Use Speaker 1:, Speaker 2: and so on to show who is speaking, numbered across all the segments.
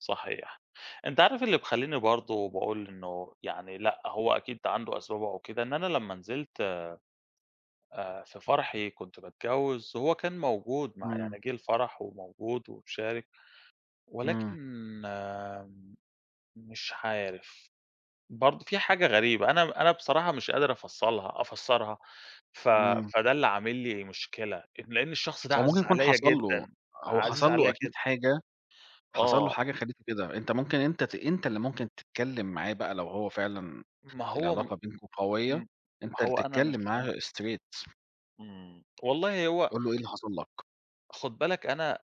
Speaker 1: صحيح، أنت عارف اللي مخلّيني برضه باقول إنه يعني لأ، هو أكيد عنده أسبابه أو كده، إن أنا لمّا نزلت، آآ في فرحي كنت باتجوز، هو كان موجود مع
Speaker 2: إمم.
Speaker 1: يعني جِه الفرح، وموجود ومشارك
Speaker 2: إمم.
Speaker 1: ولكن مش عارف برضه في حاجة غريبة أنا أنا بصراحة مش قادر أفصلها أفسَّرها، ف
Speaker 2: إمم.
Speaker 1: فده اللي عامل لي مشكلة، أ لأن الشخص ده
Speaker 2: هو ممكن
Speaker 1: عزيز
Speaker 2: يكون
Speaker 1: عليَّ
Speaker 2: حصل له
Speaker 1: جدًا،
Speaker 2: هو
Speaker 1: عزيز
Speaker 2: حصل له
Speaker 1: عليَّ
Speaker 2: أكيد
Speaker 1: جدًا.
Speaker 2: حاجة، حصل له
Speaker 1: آه.
Speaker 2: حاجة خلّيته كده، أنت ممكن أنت ت أنت اللي ممكن تتكلم معاه بقى، لو هو فعلًا
Speaker 1: ما هو م
Speaker 2: العلاقة بينكم قوية،
Speaker 1: إمم، ما
Speaker 2: أنت اللي
Speaker 1: هو أنا مش
Speaker 2: تتكلم معاه straight
Speaker 1: إمم، والله هو
Speaker 2: قُل له إيه اللي حصل لك؟
Speaker 1: خُد بالك أنا أ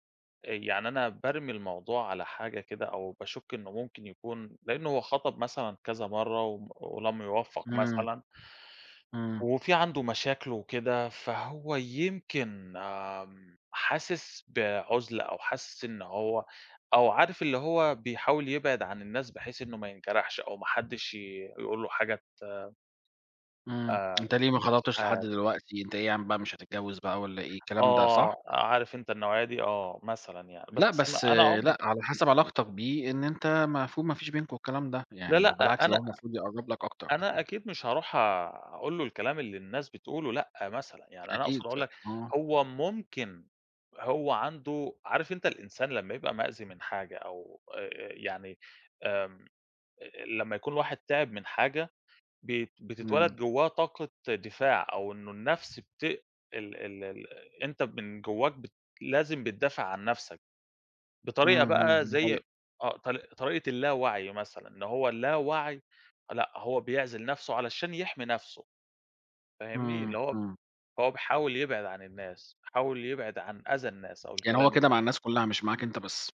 Speaker 1: يعني أنا بارمي الموضوع على حاجة كده، أو باشُكّ إنه ممكن يكون لأنه هو خَطَب مثلًا كذا مرّه وم ولم يوفّق
Speaker 2: إمم.
Speaker 1: مثلًا
Speaker 2: إمم.
Speaker 1: وفي عنده مشاكلُه وكده، فهو يمكن حاسس بعُزلة أو حاسس إن هو أو عارف اللي هو بيحاول يبعد عن الناس بحيث إنه ما ينجرحش أو ما حدش ي يقول له حاجة ت
Speaker 2: إمم،
Speaker 1: آآ،
Speaker 2: أنت ليه ما
Speaker 1: مش
Speaker 2: خطَبتش لحد
Speaker 1: عارف.
Speaker 2: دلوقتي؟ أنت إيه ياعم بقى مش هتتجوّز بقى والَّا إيه، الكلام ده، صح؟
Speaker 1: آه، عارف أنت النوعية دي آه، مثلًا يعني،
Speaker 2: لأ،
Speaker 1: بس أنا
Speaker 2: بس
Speaker 1: أنا عم
Speaker 2: لأ على حسب علاقتك بيه، إن أنت المفروض ما فيش بينكم الكلام ده،
Speaker 1: لا،
Speaker 2: يعني
Speaker 1: لأ
Speaker 2: وبالعكس ده
Speaker 1: أنا
Speaker 2: هو المفروض يقرّب لك أكتر.
Speaker 1: أنا أكيد مش هاروح أقول له الكلام اللي الناس بتقوله، لأ، مثلًا يعني أنا أقصد
Speaker 2: أكيد
Speaker 1: أقول
Speaker 2: أ
Speaker 1: لك
Speaker 2: آه.
Speaker 1: هو ممكن هو عنده عارف أنت الإنسان لمّا يبقى مأذي من حاجة أو آآ آآ يعني آمم، أ أ لمّا يكون الواحد تِعِب من حاجة، ب بتتولد
Speaker 2: إمم.
Speaker 1: جواه طاقة دفاع، أو إنه النَفْس بت ال ال ال أنت من جواك بتد لازم بتدافع عن نَفسَك،
Speaker 2: إمم،
Speaker 1: بطريقة بقى
Speaker 2: إمم دي
Speaker 1: زي
Speaker 2: حقيقة.
Speaker 1: آه طر طريقة الْلاوعْي مثلًا، إن هو الْلاوعْي، لأ هو بيعْزِل نَفْسُه علشان يحمي نَفْسُه، فاهمني؟
Speaker 2: إمم،
Speaker 1: اللي هو
Speaker 2: إمم.
Speaker 1: هو بيحاول يبْعِد عن الناس، بيحاول يبْعِد عن أذى الناس، أو
Speaker 2: يعني
Speaker 1: الكلام
Speaker 2: هو كده
Speaker 1: الن
Speaker 2: مع الناس كلها، مش معاك أنت بس.